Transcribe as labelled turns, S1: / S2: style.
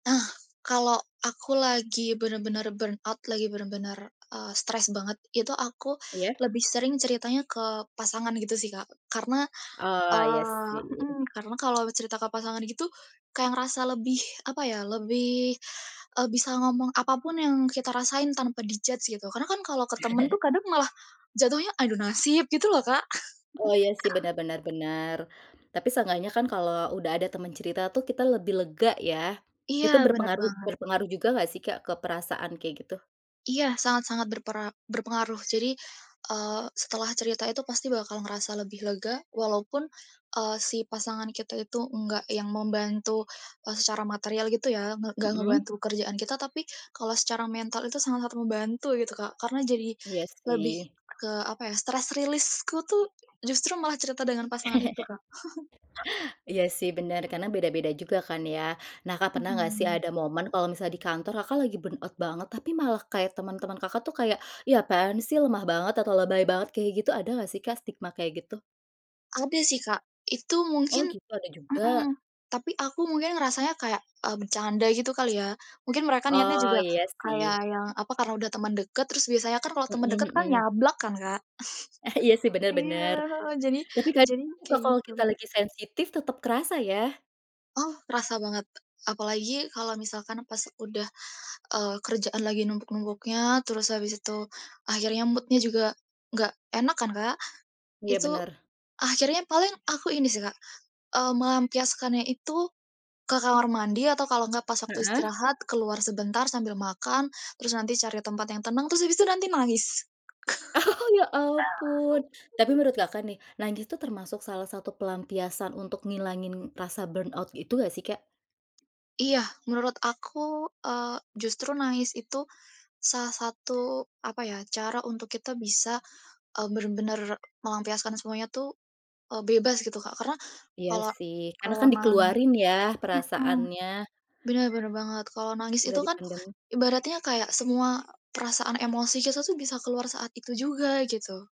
S1: Nah, kalau aku lagi bener-bener burnout, lagi bener-bener, eee, stres banget, itu aku
S2: Iya.
S1: lebih sering ceritanya ke pasangan gitu sih Kak, karena,
S2: Oh iya
S1: eee
S2: sih.
S1: mhm karena kalau cerita ke pasangan gitu, kaya ngerasa lebih apa ya, lebih, eee, bisa ngomong apapun yang kita rasain tanpa di-judge gitu. Karena kan kalo ke temen tuh kadang malah jatuhnya adu nasib gitu loh Kak.
S2: Oh iya sih benar benar benar, tapi seenggaknya kan kalau udah ada temen cerita tuh kita lebih lega ya.
S1: Iya
S2: Itu
S1: bener
S2: berpengaruh
S1: banget.
S2: berpengaruh juga nggak sih Kak ke perasaan kayak gitu?
S1: Iya sangat-sangat berpera berpengaruh. Jadi, eee, setelah cerita itu pasti bakal ngerasa lebih lega, walaupun, eee, si pasangan kita itu nggak yang membantu secara material gitu ya, ng nggak
S2: Mhm.
S1: ngebantu kerjaan kita, tapi kalau secara mental itu sangat-sangat membantu gitu Kak. Karena jadi
S2: Iya
S1: lebih
S2: sih.
S1: ke apa ya, stres release ku tuh justru malah cerita dengan pasangan itu Kak.
S2: Iya sih bener karena beda-beda juga kan ya. Nah Kak pernah nggak sih
S1: Mhm.
S2: ada momen kalau misal di kantor Kakak lagi burnout banget, tapi malah kayak teman-teman Kakak tuh kayak, "Ya apaan sih lemah banget," atau "lebay banget," kayak gitu, ada nggak sih kak stigma kayak gitu?
S1: Ada sih Kak, itu
S2: Oh
S1: mungkin
S2: gitu, ada juga.
S1: mhm, tapi aku mungkin ngerasanya kayak, eee, bercanda gitu kali ya. Mungkin mereka niatnya
S2: Oh
S1: juga
S2: iya
S1: kayak
S2: sih.
S1: yang apa, karena udah temen deket, terus biasanya kan kalo temen
S2: Mhm
S1: deket kan
S2: mhm.
S1: nyablak kan Kak.
S2: Iya sih bener
S1: Iya
S2: bener.
S1: heeh, jadi
S2: Tapi kadang
S1: jadi
S2: juga
S1: kayak
S2: kalau
S1: gitu.
S2: kita lagi sensitif tetep kerasa ya.
S1: Oh kerasa banget, apalagi kalo misalkan pas udah, eee, kerjaan lagi numpuk-numpuknya, terus abis itu akhirnya mood-nya juga gak enak kan Kak.
S2: Iya
S1: Itu
S2: bener.
S1: akhirnya paling aku ini sih Kak, eee, melampiaskannya itu ke kamar mandi atau kalau gak pas waktu
S2: Heeh.
S1: istirahat keluar sebentar sambil makan, terus nanti cari tempat yang tenang terus habis itu nanti nangis.
S2: Oh ya ampun. Tapi menurut Kakak nih, nangis tuh termasuk salah satu pelampiasan untuk ngilangin rasa burnout itu ga sih Kak?
S1: Iya menurut aku, eee, justru nangis itu salah satu apa ya, cara untuk kita bisa, eee, bener-bener melampiaskan semuanya tuh, eee, bebas gitu Kak, karena
S2: Iya
S1: kalau
S2: sih, karena
S1: kalau
S2: kan
S1: nangis
S2: dikeluarin ya
S1: mhm,
S2: perasaannya.
S1: bener bener banget, kalau nangis
S2: Gak
S1: itu
S2: di
S1: kan
S2: pendem.
S1: ibaratnya kayak semua perasaan emosi kita tuh bisa keluar saat itu juga gitu.